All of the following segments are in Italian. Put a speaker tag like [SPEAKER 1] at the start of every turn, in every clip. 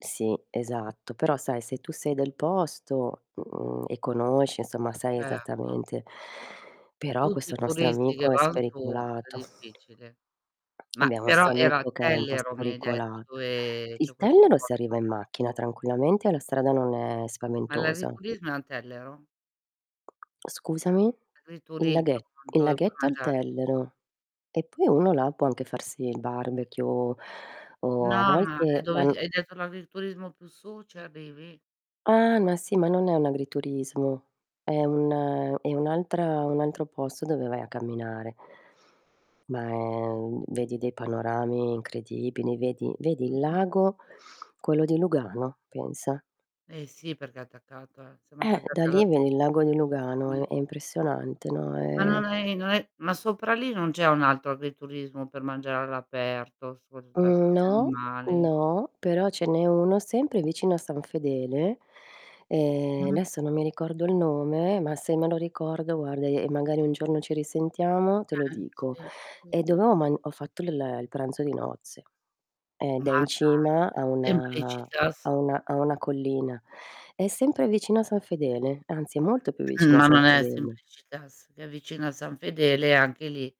[SPEAKER 1] Sì esatto, però, sai se tu sei del posto, mhmm, e conosci, insomma, sai
[SPEAKER 2] Erto.
[SPEAKER 1] esattamente però
[SPEAKER 2] Tutti
[SPEAKER 1] questo
[SPEAKER 2] i
[SPEAKER 1] nostro
[SPEAKER 2] turisti che
[SPEAKER 1] amico è
[SPEAKER 2] van su è
[SPEAKER 1] spericolato.
[SPEAKER 2] difficile. Ma
[SPEAKER 1] Abbiamo
[SPEAKER 2] però
[SPEAKER 1] 'sto
[SPEAKER 2] era a
[SPEAKER 1] amico che è un po'
[SPEAKER 2] Tellero mi hai detto,
[SPEAKER 1] spericolato.
[SPEAKER 2] dove c'è
[SPEAKER 1] Il
[SPEAKER 2] questo
[SPEAKER 1] Tellero si
[SPEAKER 2] posto
[SPEAKER 1] arriva in macchina,
[SPEAKER 2] adesso.
[SPEAKER 1] tranquillamente, e la strada non è
[SPEAKER 2] Ma
[SPEAKER 1] spaventosa.
[SPEAKER 2] l'agriturismo è a Tellero?
[SPEAKER 1] Scusami? il
[SPEAKER 2] L'agriturismo
[SPEAKER 1] laghe
[SPEAKER 2] [unintelligible]
[SPEAKER 1] il
[SPEAKER 2] dove puoi
[SPEAKER 1] laghetto è al
[SPEAKER 2] mangiare.
[SPEAKER 1] Tellero. E poi uno là può anche farsi il barbecue o a
[SPEAKER 2] No, ma è
[SPEAKER 1] volte
[SPEAKER 2] dove
[SPEAKER 1] an
[SPEAKER 2] i hai detto l'agriturismo più su ci arrivi?
[SPEAKER 1] Ah ma sì, ma non è un agriturismo, è un è un'altra un altro posto dove vai a camminare. Ma è un vedi dei panorami incredibili, vedi vedi il
[SPEAKER 2] Mh-mh.
[SPEAKER 1] lago, quello di Lugano, pensa.
[SPEAKER 2] Eh, sì perché è attaccata siamo
[SPEAKER 1] Eh, da
[SPEAKER 2] attaccati alla
[SPEAKER 1] lì
[SPEAKER 2] [unintelligible]
[SPEAKER 1] vedi il lago di Lugano, è
[SPEAKER 2] Mh.
[SPEAKER 1] è impressionante, no,
[SPEAKER 2] Ma non
[SPEAKER 1] è
[SPEAKER 2] è non è ma sopra lì non c'è un altro agriturismo per mangiare all'aperto [unintelligible]
[SPEAKER 1] Mhmm,
[SPEAKER 2] gli
[SPEAKER 1] no,
[SPEAKER 2] animali.
[SPEAKER 1] no, però ce n'è uno, sempre vicino a San Fedele, ehm,
[SPEAKER 2] Mh-mh.
[SPEAKER 1] adesso non mi ricordo il nome, ma se me lo ricordo, guarda, e magari un giorno ci risentiamo, te lo
[SPEAKER 2] Eh,
[SPEAKER 1] dico.
[SPEAKER 2] sì, sì,
[SPEAKER 1] È
[SPEAKER 2] sì.
[SPEAKER 1] dove ho man ho fatto il il pranzo di nozze, ed è
[SPEAKER 2] Ma
[SPEAKER 1] in
[SPEAKER 2] dai,
[SPEAKER 1] cima a una a
[SPEAKER 2] Simplicitas?
[SPEAKER 1] una a una collina. È sempre vicino a San Fedele, anzi è molto più vicino a
[SPEAKER 2] Ma
[SPEAKER 1] San
[SPEAKER 2] non è
[SPEAKER 1] Fedele.
[SPEAKER 2] Simplicitas, che è vicino a San Fedele, e anche lì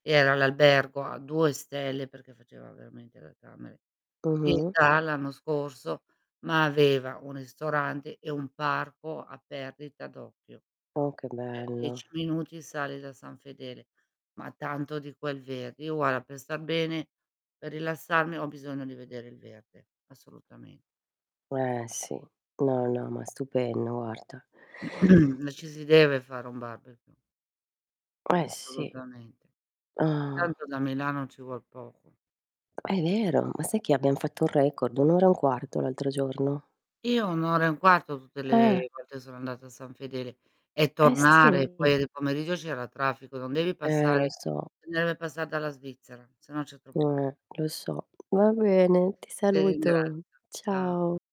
[SPEAKER 2] era l'albergo a 2 stelle, perché faceva veramente da camere,
[SPEAKER 1] Mh-mh.
[SPEAKER 2] pietà, l'anno scorso, ma aveva un ristorante, e un parco a perdita d'occhio.
[SPEAKER 1] Oh, che
[SPEAKER 2] Cioè,
[SPEAKER 1] bello.
[SPEAKER 2] 10 minuti sali da San Fedele, ma tanto di quel verde. Io guarda per star bene, per rilassarmi ho bisogno di vedere il verde assolutamen
[SPEAKER 1] Eh sì,
[SPEAKER 2] Sì.
[SPEAKER 1] no, no, ma è stupendo, guarda.
[SPEAKER 2] Ci si deve fare un barbecue.
[SPEAKER 1] Eh, sì.
[SPEAKER 2] Assolutamente.
[SPEAKER 1] Ah.
[SPEAKER 2] Tanto da Milano ci vuol poco.
[SPEAKER 1] Ah, è vero, ma sai che abbiam fatto un record? 1 ora e un 1/4 l'altro giorno.
[SPEAKER 2] Io 1 ora e 1/4 tutte
[SPEAKER 1] Eh.
[SPEAKER 2] le volte che sono andata a San Fedele, e
[SPEAKER 1] Eh,
[SPEAKER 2] tornare,
[SPEAKER 1] sì.
[SPEAKER 2] poi di pomeriggio c'era traffico, non devi
[SPEAKER 1] Eh, lo
[SPEAKER 2] passare
[SPEAKER 1] so.
[SPEAKER 2] non deve passar dalla Svizzera, se no c'è troppo tra
[SPEAKER 1] Eh lo so. Va bene, ti
[SPEAKER 2] Ti
[SPEAKER 1] saluto.
[SPEAKER 2] ringrazio, ciao.
[SPEAKER 1] Ciao.